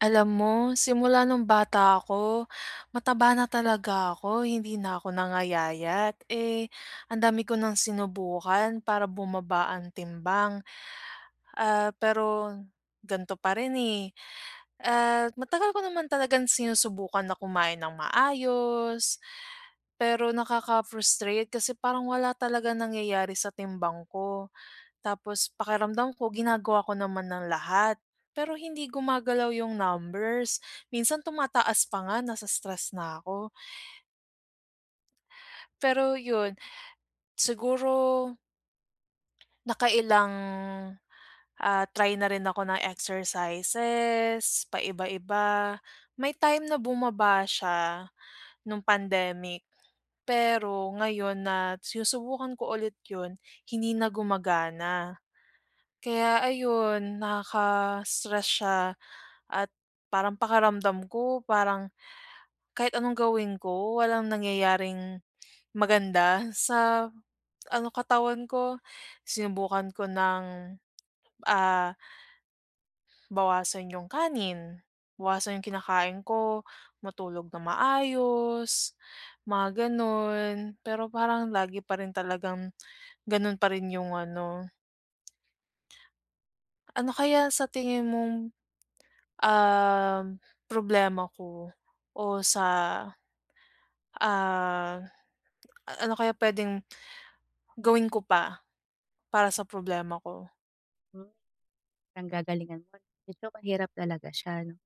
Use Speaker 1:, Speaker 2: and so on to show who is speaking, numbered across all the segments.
Speaker 1: Alam mo, simula nung bata ako, mataba na talaga ako hindi na ako nangayayat. Eh, ang dami ko ng sinubukan para bumaba ang timbang, ah, pero gan'to pa rin, eh. At matagal ko naman talagang sinusubukan na kumain nang maayos, pero nakaka-frustrate kasi parang wala talagang nangyayari sa timbang ko. Tapos pakiramdam ko ginagawa ko naman ang lahat, pero hindi gumagalaw yung numbers. Minsan, tumataas pa nga, nase-stress na ako. Pero 'yun, siguro nakailang, ah, try na rin ako ng exercises, paiba-iba. May time na bumaba siya nung pandemic, pero ngayon na sinusubukan ko ulit ’yon, hindi na gumagana. Kaya ayun, nakaka-stress siya, at parang pakiramdam ko, parang kahit anong gawin ko, walang nangyayaring maganda sa ano katawan ko. Sinubukan ko ng, ah, bawasan yung kanin, bawasan yung kinakain ko, matulog nang maayos, mga ganun. Pero parang lagi pa rin talagang ganun pa rin yung ano. Ano kaya sa tingin mong, um, problema ko o sa, ah, a ano kaya puwedeng gawin ko pa para sa problema ko?
Speaker 2: Hmm, ang gagalingan nun, so mahirap talaga siya, 'no?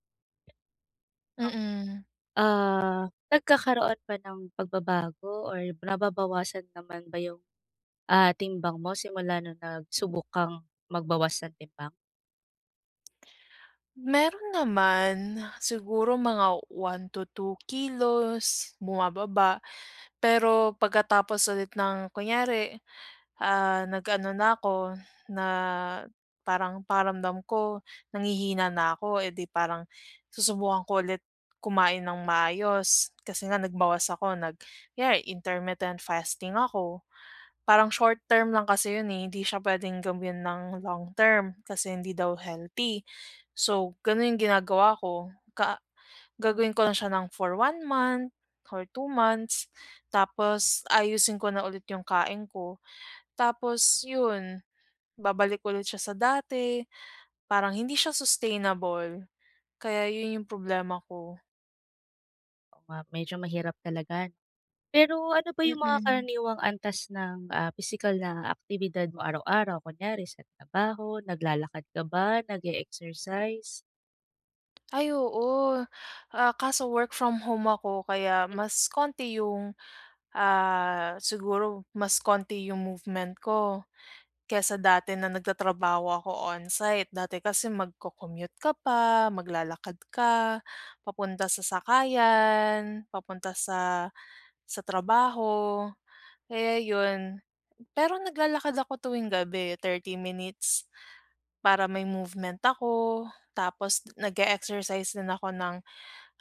Speaker 1: Mm.
Speaker 2: Ah, nagkakaroon ba ng pagbabago or nababawasan naman ba yung, ah, timbang mo simula nung nagsubok kang magbawas ng timbang?
Speaker 1: Meron naman, siguro mga 1 to 2 kilos bumababa pero pagkatapos ulit ng kunyari, ah, nag-ano na ako, na parang pakiramdam ko, nanghihina na ako, eh, di parang susubukan ko ulit kumain nang maayos. Kasi nga nagbawas ako nag yeah, intermittent fasting ako, parang short term lang kasi 'yon, eh, hindi siya pwedeng gawin nang long term kasi hindi daw healthy. So gano'n yung ginagawa ko, ka gagawin ko lang siya nang for 1 month or 2 months, tapos aayusin ko na ulit yung kain ko. Tapos yun, babalik ulit siya sa dati, parang hindi siya sustainable, kaya yun yung problema ko.
Speaker 2: Oo nga, medyo mahirap talaga. Pero ano ba yung mga
Speaker 1: Mm.
Speaker 2: karaniwang antas ng, ah, pisikal na aktibidad mo araw-araw? Kunyari sa trabaho, naglalakad ka ba, nag-e-exercise?
Speaker 1: Ay oo, ah, kaso work from home ako kaya mas konti yung, ah, siguro mas konti yung movement ko, kaysa dati na nagtatrabaho ako on site. Dati kasi mag-co-commute ka pa maglalakad ka papunta sa sakayan, papunta sa sa trabaho kaya yun. Pero naglalakad ako tuwing gabi, 30 minutes para may movement ako, tapos nag-e-exercise din ako ng,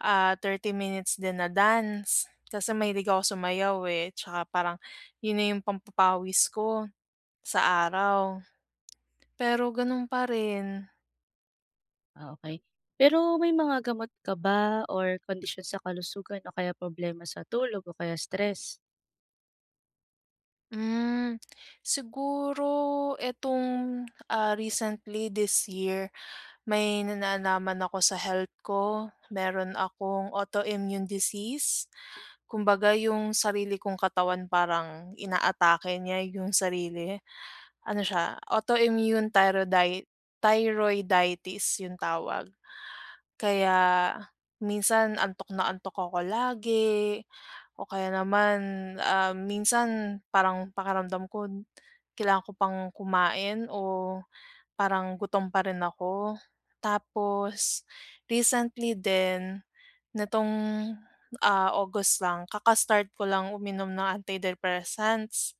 Speaker 1: ah, 30 minutes din na dance, kasi mahilig ako sumayaw eh, tsaka parang yun na yung pampapawis ko sa araw, pero ganun pa rin.
Speaker 2: Ah okey, pero may mga gamot ka ba or kondisyon sa kalusugan o kaya problema sa tulog o kaya stress?
Speaker 1: Hmm, siguro etong ah, recently this year may na nalaman ako sa health ko, meron akong autoimmune disease. Kumbaga yung sarili kong katawan parang inaatake niya yung sarili, ano siya autoimmune thyrodi thyroiditis yung tawag. Kaya minsan, antok na antok ako lagi, o kaya naman, ah, minsan parang pakiramdam ko kailangan ko pang kumain o parang gutom pa rin ako, tapos recently din nitong, ah, August lang kaka-start ko lang uminom ng antidepressants.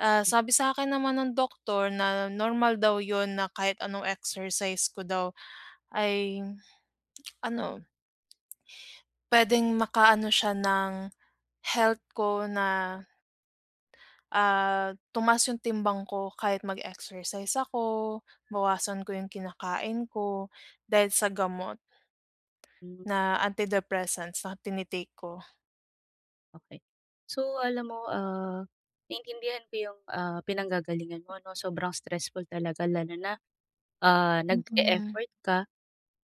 Speaker 1: Ah, sabi sa akin naman ng doktor na normal daw yun na kahit anong exercise ko daw ay, ano puwedeng makaano siya ng health ko na ah tumaas yung timbang ko kahit mag-exercise ako, bawasan ko yung kinakain ko, dahil sa gamot
Speaker 2: Hmm.
Speaker 1: na antidepressants na tini-take ko.
Speaker 2: Okey. So alam mo, ah, naintindihan ko yung, ah, pinanggagalingan mo 'no. Sobrang stressful talaga lalo na ah nag
Speaker 1: Mm.
Speaker 2: e-effort ka,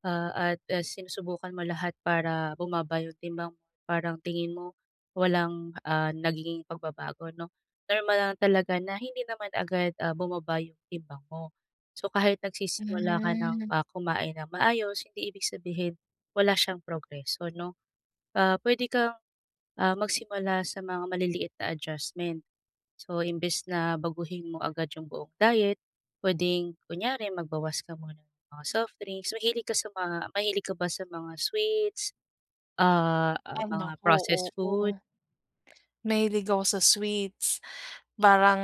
Speaker 2: ah, at ah, sinusubukan mo lahat para bumaba yung timbang mo. Parang tingin mo, walang, ah, nagiging pagbabago, 'no. Normal lang talaga na hindi naman agad, ah, bumaba yung timbang mo. So kahit nagsisimula ka ng,
Speaker 1: Hmm.
Speaker 2: ah, kumain nang maayos, hindi ibig sabihin wala siyang progreso 'no. Ah, pwede kang, ah, magsimula sa mga maliliit na adjustment. So imbes na baguhin mo agad yung buong diet, pwedeng kunyari magbawas ka muna ng mga softdrinks. Mahilig ka sa mga mahilig ka ba sa mga sweets, ah, ah,
Speaker 1: Ay
Speaker 2: mga
Speaker 1: naku,
Speaker 2: processed food?
Speaker 1: oo. Mahilig ako sa sweets. Parang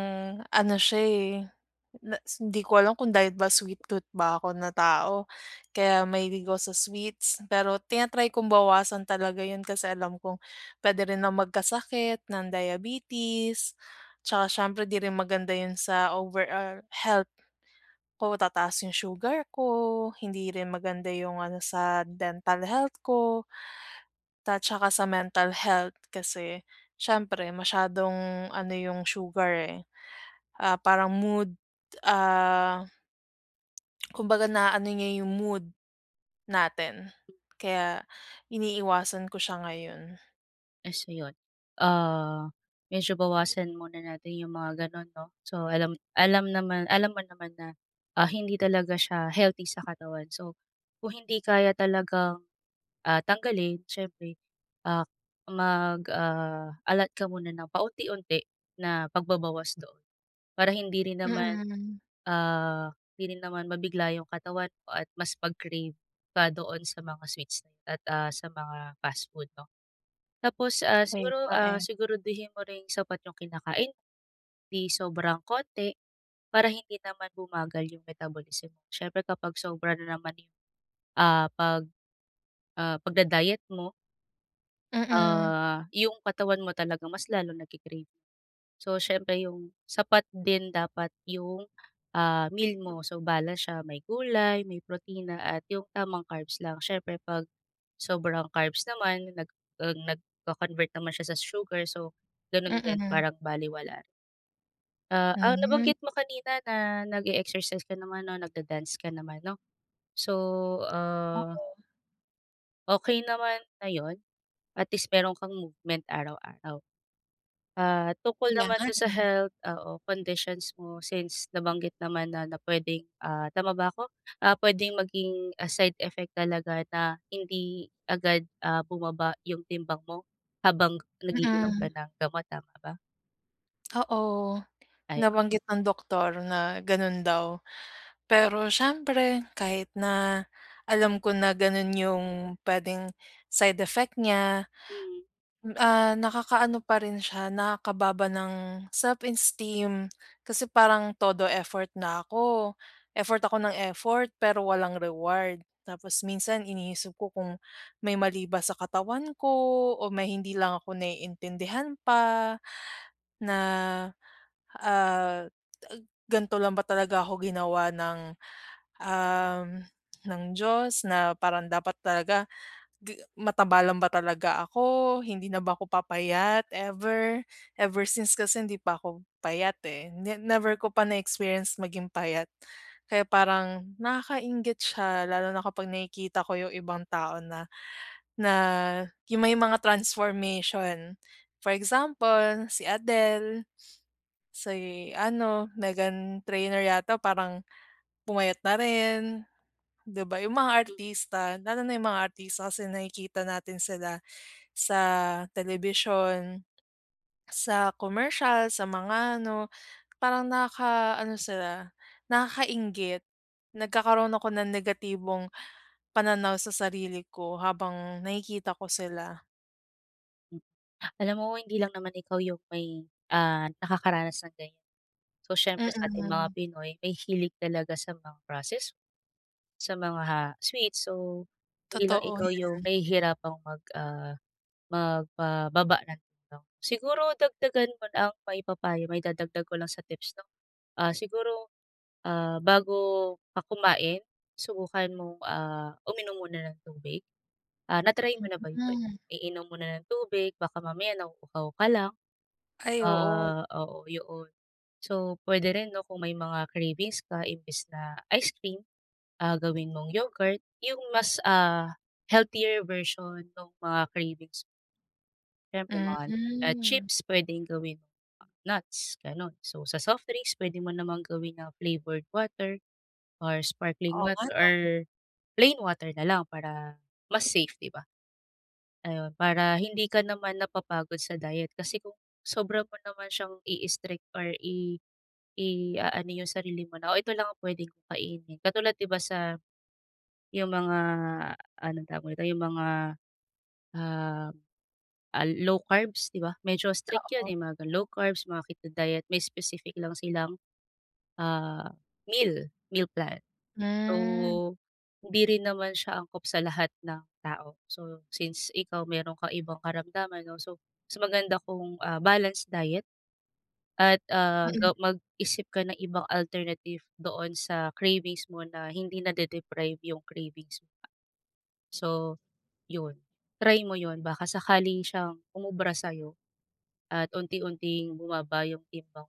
Speaker 1: ano siya eh, na hindi ko alam kung dahil ba sweet tooth ba ako na tao kaya mahilig ako sa sweets. Pero tina-try kong bawasan talaga yun, kasi alam kong pwede rin ako magkasakit ng diabetes. Tsaka siyempre, ‘di rin maganda yun sa overall health ko. Tataas yung sugar ko, hindi rin maganda yung ano sa dental health ko. At saka sa mental health. Kasi syempre masyadong ano yung sugar eh, ah, parang mood, ah, kumbaga na-aano niya yung mood natin. Kaya iniiwasan ko siya ngayon.
Speaker 2: So yun, ah, medyo bawasan muna natin yung mga ganun 'no. So, alam alam naman alam mo naman na, ah, hindi talaga siya healthy sa katawan. So kung hindi kaya talagang, ah, tanggalin, siyempre, ah, mag, ah, allot ka muna ng paunti-unti na pagbabawas doon. Para hindi rin naman,
Speaker 1: Mm.
Speaker 2: ah, hindi rin naman mabigla yung katawan mo at mas pag-crave pa doon sa mga sweets at, ah, sa mga fast food, 'no. Tapos, ah,
Speaker 1: Ayun
Speaker 2: siguro,
Speaker 1: nga,
Speaker 2: ah,
Speaker 1: eh.
Speaker 2: siguraduhin mo rin sapat yung kinakain. 'Di sobrang konti, para hindi naman bumagal yung metabolism. Siyempre kapag sobra na naman yung, ah, pag ah, pagda-diet mo
Speaker 1: Mm.
Speaker 2: ah, yung katawan mo talaga mas lalong nagki-crave. So siyempre yung sapat din dapat yung, ah, meal mo. So, balance siya, may gulay, may protina at yung tamang carbs lang. Siyempre 'pag sobrang carbs naman nag ah, nagko-convert naman siya sa sugar, so ganun din,
Speaker 1: Mm.
Speaker 2: parang balewala. Ah, ang
Speaker 1: Hmm.
Speaker 2: nabanggit mo kanina na nag-e-exercise ka naman 'no, nagda-dance ka naman 'no. So, ah
Speaker 1: Oo.
Speaker 2: Okey naman na 'yon. At least mayro'n kang movement araw-araw. Ah, tungkol
Speaker 1: Kaya
Speaker 2: naman
Speaker 1: nga,
Speaker 2: to sa
Speaker 1: eh.
Speaker 2: health oo, conditions mo since nabanggit naman na na puwedeng ah, tama ba ako? Ah, puwedeng maging, ah, side effect talaga na hindi agad, ah, bumaba yung timbang mo habang nag-iinom ka
Speaker 1: Mm.
Speaker 2: ng gamot, tama ba?
Speaker 1: Oo.
Speaker 2: Ayon.
Speaker 1: Nabanggit ng doktor na gano'n daw. Pero siyempre kahit na alam ko na gano'n yung puwedeng side effect niya.
Speaker 2: Mhm.
Speaker 1: Ah, nakakaano pa rin siya, nakakababa ng self-esteem. Kasi parang todo effort na ako. Effort ako ng effort pero walang reward. Tapos minsan iniisip ko kung may mali ba sa katawan ko o may hindi lang ako naiintindihan pa na, ah, ganto lang ba talaga ako ginawa ng, um, ng Diyos? Na parang dapat talaga ga mataba lang ba talaga ako, hindi na ba ako papayat ever? Ever since kasi hindi pa ako payat, eh, ne never ko pa na experience maging payat. Kaya parang nakakainggit siya lalo na kapag nakikita ko yung ibang tao na, na yung may mga transformation. For example si Adele, si ano Meghan Trainor yata parang pumayat na rin, 'di ba? Yung mga artista lalo na yung mga artista kasi nakikita natin sila sa telebisyon, sa komersyal, sa mga ano. Parang nakaka-ano sila, nakakainggit, nagkakaroon ako ng negatibong pananaw sa sarili ko habang nakikita ko sila.
Speaker 2: Hmm, alam mo hindi lang naman ikaw yung may, ah, nakakaranas ng ganyan, so siyempre sating mga
Speaker 1: Mm.
Speaker 2: Pinoy mahihilig talaga sa mga process, sa mga sweets, so hindi lang
Speaker 1: Totoo
Speaker 2: ikaw yung
Speaker 1: 'yan.
Speaker 2: nahihirapang mag ah, magpababa ng timbang. Siguro dagdagan muna ang maipapayo mai-dadagdag ko lang sa tips 'no, ah, siguro, ah, bago ka kumain subukan mong, ah, uminom muna ng tubig, ah, na try mo na ba yun,
Speaker 1: Mhm.
Speaker 2: iinom muna ng tubig baka mamaya nauuhaw ka lang,
Speaker 1: Ay, oo.
Speaker 2: ah, oo yoon. So, puwede rin 'no kung may mga cravings ka imbes na ice cream, ah, gawin mong yogurt yung mas, ah, healthier version nung mga cravings. Siyempre naman at
Speaker 1: Hmm.
Speaker 2: chips puwedeng gawin nuts ganun, so sa soft drinks puwede mo namang gawin na flavored water or sparkling
Speaker 1: Oo, nga
Speaker 2: water or
Speaker 1: 'no?
Speaker 2: plain water nalang para mas safe, di ba? Ayun para hindi ka naman napapagod sa diet kasi kung sobra mo naman siyang i-strict or i iaano yung sarili mo na o ito lang ang puwede kong kainin katulad di ba, sa yung mga anong tawag dito yung mga, um, ah, low carbs, di ba? Medyo strict yun,
Speaker 1: Oo
Speaker 2: eh, mga low carbs mga keto diet may specific lang silang, ah, meal meal plan.
Speaker 1: Hmm.
Speaker 2: So, hindi rin naman siya angkop sa lahat ng tao. So, since ikaw meron kang ibang karamdaman 'no, so mas maganda kong, ah, balanced diet, at, ah,
Speaker 1: Mm.
Speaker 2: ga mag-isip ka ng ibang alternative doon sa cravings mo na hindi nade-deprive yung cravings. So, yun try mo yun baka sakali siyang umubra sayo at unti-unting bumaba yung timbang.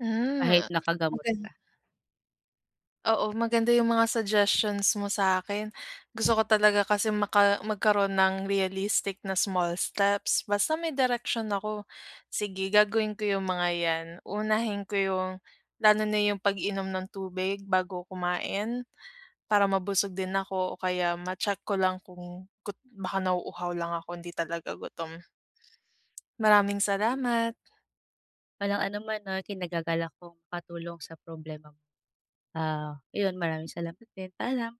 Speaker 1: Hmm,
Speaker 2: Kahit nakagamot
Speaker 1: magan
Speaker 2: ka.
Speaker 1: Oo, maganda yung mga suggestions mo sa akin gusto ko talaga kasi maka magkaroon ng realistic na small steps basta may direksyon ako. Sige gagawin ko yung mga 'yan, unahin ko yung lalo na yung pag-inom ng tubig bago kumain para mabusog din ako o kaya ma-check ko lang kung gu baka nauuhaw lang ako hindi talaga gutom. Maraming salamat.
Speaker 2: Walang anuman 'no, kinagagalak kong makatulong sa problema mo. Ah, iyon maraming salamat din, paalam.